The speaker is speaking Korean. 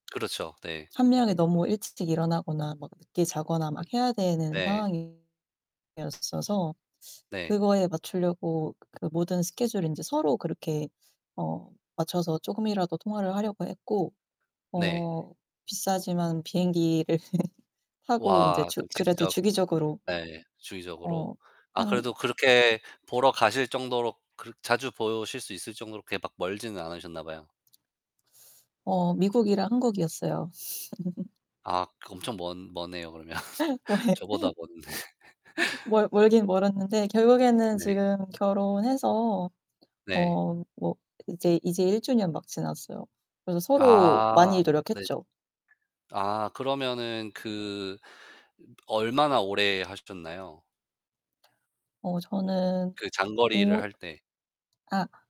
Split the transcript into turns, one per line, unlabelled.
그렇죠. 네.
1 명이 너무 일찌 찍 일어나거나 막 늦게 자거나
그
막 해야 되는
네.
상황이었어서
네.
그거에 맞추려고 그 모든 스케줄을 인제 서로 그렇게 어 맞춰서 쪼금이라도 통화를 하려고 했고
네.
어 비싸지만 비행기를 타고 인제
와.
주
그
그래도
직접
주기적으로
예. 주기적으로
어
아
한
그래도 그렇게 보러 가실 정도로 그렇 자주 보실 수 있을 정도로 그렇게 막 멀지는 않으셨나 봐요.
어 미국이랑 한국이었어요.
아. 그 엄청 먼 머네요 그러면.
어
저보다
예.
먼데.
멀 멀긴 멀었는데 결국에는
네.
지금 결혼해서
네.
어 뭐 이제, 이제 1 주년 막 지났어요. 그래서 서로
아
많이
네.
노력했죠.
아. 그러면은 그 얼마나 오래 하셨나요?
어 저는
그 장거리를
오이
할 때.
아.